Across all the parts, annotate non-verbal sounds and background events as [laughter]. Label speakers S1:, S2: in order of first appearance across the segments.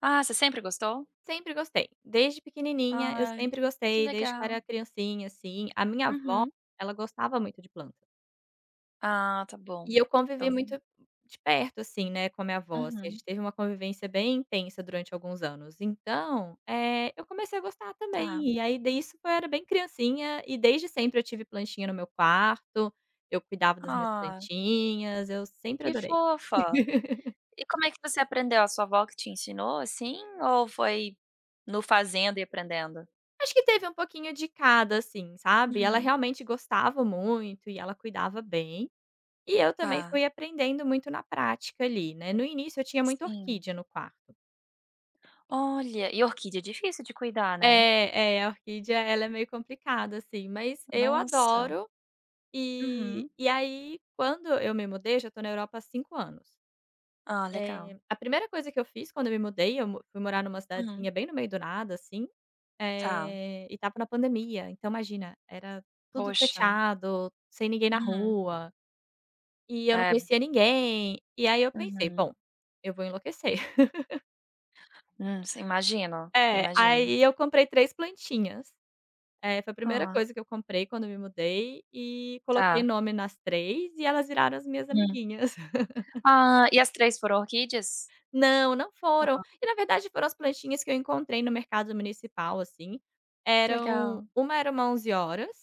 S1: Ah, você sempre gostou?
S2: Sempre gostei. Desde pequenininha eu
S1: Ai,
S2: sempre
S1: que
S2: gostei, desde que eu
S1: legal.
S2: era criancinha, assim, a minha vó
S1: Uhum.
S2: ela gostava muito de planta.
S1: Ah, tá bom,
S2: E eu convivi
S1: então
S2: muito de perto, assim, né, com a minha vó, assim, a
S1: Uhum.
S2: gente teve uma convivência bem intensa durante alguns anos então, eh, eu comecei a gostar
S1: Tá.
S2: também. E aí disso eu era bem criancinha e desde sempre eu tive plantinha no meu quarto, eu cuidava das minhas
S1: Ah!
S2: plantinhas, eu sempre
S1: Que
S2: adorei.
S1: fofa!
S2: [laughs]
S1: E como é que você aprendeu, a sua vó que te ensinou, assim, ou foi no fazendo e aprendendo?
S2: Acho que teve um pouquinho de cada, assim, sabe. E ela
S1: Uhum.
S2: realmente gostava muito e ela cuidava bem, e eu também
S1: Tá.
S2: fui aprendendo muito na prática ali, né. No início eu tinha muita
S1: Sim.
S2: orquídea no quarto
S1: Olha, e orquídea é difícil de cuidar, né.
S2: É, é, a orquídea ela é meio complicada sim, mas eu
S1: Nossa!
S2: adoro. E
S1: Uhum.
S2: e aí quando eu me mudei, eu já estou na Europa há 5 anos,
S1: Ah, legal.
S2: eh, a primeira coisa que eu fiz quando eu me mudei, eu mo fui morar numa
S1: Uhum.
S2: cidadezinha bem no meio do nada, assim,
S1: Tá.
S2: eh, e estava na pandemia. Então imagina, era tudo
S1: Poxa.
S2: fechado, sem ninguém na
S1: Uhum.
S2: rua e eu não
S1: É.
S2: conhecia ninguém, e aí eu pensei:
S1: Uhum.
S2: "Bom, eu vou enlouquecer". [laughs]
S1: Hum, si imagino,
S2: É,
S1: imagino.
S2: aí eu comprei 3 plantinhas. Eh, foi a primeira
S1: Ah.
S2: coisa que eu comprei quando eu me mudei e coloquei
S1: Tá.
S2: nome nas 3 e elas viraram as minhas
S1: Hum.
S2: amiguinhas. [laughs]
S1: Ah, e as 3 foram orquídeas?
S2: Não, não foram.
S1: Hã.
S2: E na verdade foram as plantinhas que eu encontrei no mercado municipal, assim,
S1: Que
S2: eram
S1: legal.
S2: uma era uma onze-horas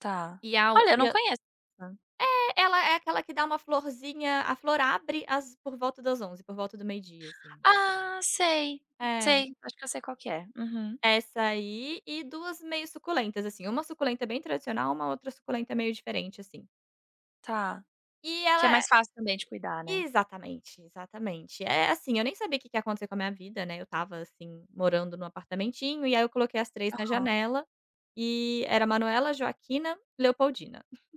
S1: Tá.
S2: e a o
S1: Olha, eu
S2: e
S1: não
S2: a
S1: conheço sa
S2: É, ela é aquela que dá uma florzinha, a flor abre às por volta das 11h, por volta do meio dia, assim.
S1: Ah, sei,
S2: É.
S1: sei, acho que eu sei qual que é, uhum.
S2: Essa aí e 2 meio suculentas, assim. Uma suculenta bem tradicional, uma outra suculenta meio diferente, assim.
S1: Tá.
S2: E
S1: Que é
S2: ela
S1: mais
S2: é
S1: fácil também de cuidar, né.
S2: exatamente, exatamente. Eh, assim, eu nem sabia o que que ia acontecer com a minha vida, né, eu estava, assim, morando no apartamentinho e aí eu coloquei as 3 na
S1: Aham.
S2: janela, e era Manuela, Joaquina, Leopoldina. [chuckles]